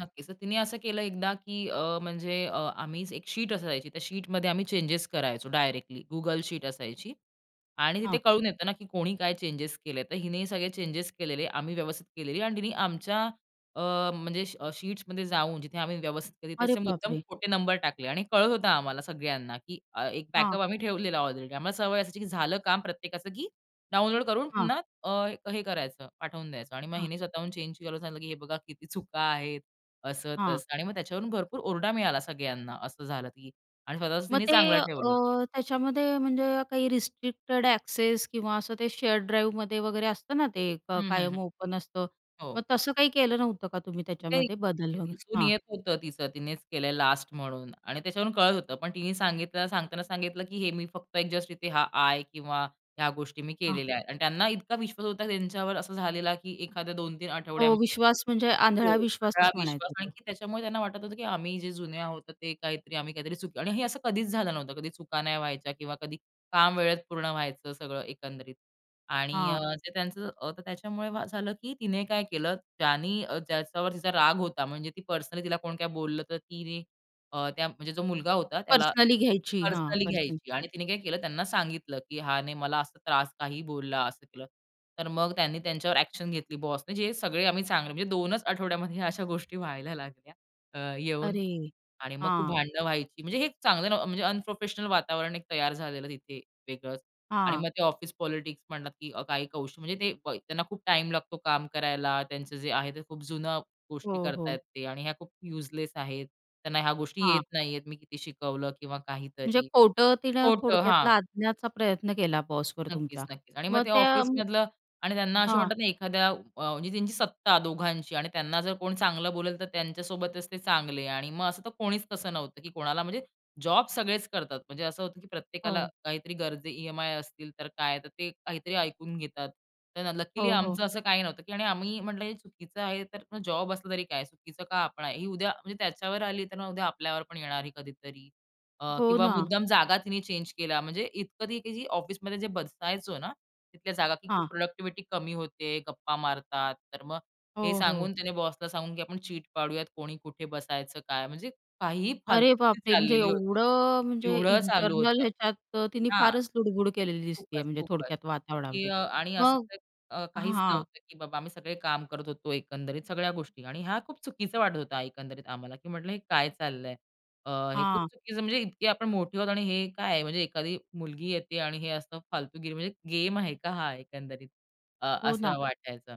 नक्कीच. तर तिने असं केलं एकदा की अ, म्हणजे अ, आम्ही एक शीट असायची त्या शीटमध्ये आम्ही चेंजेस करायचो डायरेक्टली Google शीट असायची. आणि तिथे हां. कळून येत ना की कोणी काय चेंजेस केले तर हिने सगळे चेंजेस केलेले आम्ही व्यवस्थित केलेली आणि तिने आमच्या अ, म्हणजे अ, श शीट्समध्ये जाऊन जिथे आम्ही व्यवस्थित केले अरे त्याचे मुद्दाम बापरे! खोटे नंबर टाकले आणि कळत होतं आम्हाला सगळ्यांना की अ, एक हां. बॅकअप आम्ही ठेवलेला ऑलरेडी आम्हाला सवय असायची की झालं काम प्रत्येकाचं की डाउनलोड करून हां. पुन्हा अ, हे करायचं पाठवून द्यायचं आणि मग हां. हिने स्वतःहून चेंज केलं सांगितलं की "हे बघा, किती चुका आहेत," असं हां. तसं आणि मग त्याच्यावरून भरपूर ओरडा मिळाला सगळ्यांना असं झालं की आणि स्वतःच मग तिने ते चांगलं अ, ठेवलं. त्याच्यामध्ये म्हणजे काही रिस्ट्रिक्टेड एक्सेस किंवा असं ते शेअर ड्राईव्हमध्ये वगैरे असतं ना, ते क हं, हं. हं. कायम ओपन असतं, मग हो. तसं काही केलं नव्हतं का तुम्ही ते त्याच्यामध्ये बदल ते वगैरे? दिसून हां. येत होतं तीचं, तिनेच केलंय लास्ट म्हणून आणि त्याच्यावरून कळत होतं. पण तिने सांगताना सांगितलं की "हे मी फक्त एक जस्ट इथे हा आय." किंवा "ह्या गोष्टी मी हां. केलेल्या आहेत." आणि त्यांना इतका विश्वास होता त्यांच्यावर असं झालेला, की एखाद्या 2-3 हो, आठवड्यामध्ये विश्वास म्हणजे आंधळा हो, सगळा विश्वासच विश्वास, म्हणायचं तो. आणखी त्याच्यामुळे त्यांना वाटत होतं की आम्ही जे जुने आहोत ते काहीतरी आम्ही काहीतरी चुकी आणि हे असं कधीच झालं नव्हतं. कधी चुका नाही व्हायच्या किंवा कधी काम वेळेत पूर्ण व्हायचं सगळं एकंदरीत. आणि अ, हां. ते त्यांचं अ, तर त्याच्यामुळे झालं की, तिने काय केलं, ज्यानी अ, ज्याच्यावर तिचा राग होता. म्हणजे ती पर्सनली तिला कोण काय बोललं, तर तिने अ, त्या म्हणजे जो मुलगा होता त्याला पर्सनली घ्यायची. हां, पर्सनली पर्सनली. घ्यायची आणि तिने काय केलं, त्यांना सांगितलं की "ह्याने मला असा त्रास काहीही बोलला, असं केलं." तर मग त्यांनी त्यांच्यावर ॲक्शन घेतली बॉसने, जे सगळे आम्ही चांगले म्हणजे 2 च आठवड्यामध्ये अशा गोष्टी व्हायला लागल्या, अ, येऊन. अरे! आणि मग खूप हां. भांडण व्हायची. म्हणजे हे चांगलं न म्हणजे अनप्रोफेशनल वातावरण तयार झालेलं तिथे वेगळंच. आणि हां. मग ते ऑफिस पॉलिटिक्स म्हणतात की अ, काही कौशल म्हणजे ते अ, त्यांना खूप टाईम लागतो काम करायला, त्यांचं जे आहे ते खूप जुन्या गोष्टी हो, करताहेत हो. ते आणि ह्या खूप युजलेस आहेत. त्यांना ह्या गोष्टी येत हां. नाही आहेत. मी किती शिकवलं किंवा म्हणजे काहीतरी खोटं तिनं खोटं. थोडक्यात हां. लादण्याचा प्रयत्न केला बॉसवर तुमच्या. नक्कीच, नक्कीच. आणि मग मग ते त्या म ऑफिसमधलं आणि त्यांना असे हां. म्हणतात ना एखाद्या अ, म्हणजे त्यांची सत्ता दोघांची आणि त्यांना जर कोण चांगलं बोलेल तर त्यांच्यासोबतच ते चांगले. आणि मग असं तर कोणीच तसं नव्हतं की कोणाला म्हणजे जॉब सगळेच करतात. म्हणजे असं होतं की प्रत्येकाला हो. काहीतरी गरजे ई-एम-आय असतील तर, काय तर ते काहीतरी ऐकून घेतात. तर लकीली हो, हो. आमचं असं काही नव्हतं, की आम्ही म्हंटलं, "हे चुकीचं आहे." तर जॉब असलं तरी काय, चुकीचं का आपण आहे? ही उद्या म्हणजे त्याच्यावर आली तर मग, उद्या आपल्यावर पण येणार आहे कधीतरी. अ, हो किंवा ना. मुद्दाम जागा तिने चेंज केल्या. म्हणजे इतकं ते ऑफिसमध्ये बसायचो ना, तिथल्या जागाची खूप हां. प्रॉडक्टिव्हिटी कमी होते. गप्पा मारतात. तर मग हे हो, सांगून हो. तिने बॉसला सांगून की आपण चीट पाडूयात. कोणी कुठे बसायचं काय म्हणजे काहीही अरे फालतूगीरी बापरे! म्हणजे चाललेली होती. एवढं म्हणजे येवढं चालू इंटरनल होतं. ह्याच्यात तिने हां. फारच लुडबुड केलेली दिसती आहे खूपच, म्हणजे खूपच थोडक्यात की वातावरणामध्ये. अ, आणि अ, असं मग तर अ, काहीच हां. नव्हतं की बाबा आम्ही सगळे काम करत होतो, एकंदरीत सगळ्या गोष्टी आणि हा खूप चुकीचा वाटत होता एकंदरीत आम्हाला. की म्हटलं, "हे काय चाललंय? अ, हे खूप हां. चुकीचं म्हणजे इतके आपण मोठे आहोत आणि हे काय आहे?" म्हणजे एखादी मुलगी येते आणि हे असं फालतूगिरी म्हणजे गेम आहे का हा एकंदरीत अ, हो ना. असं वाटायचं.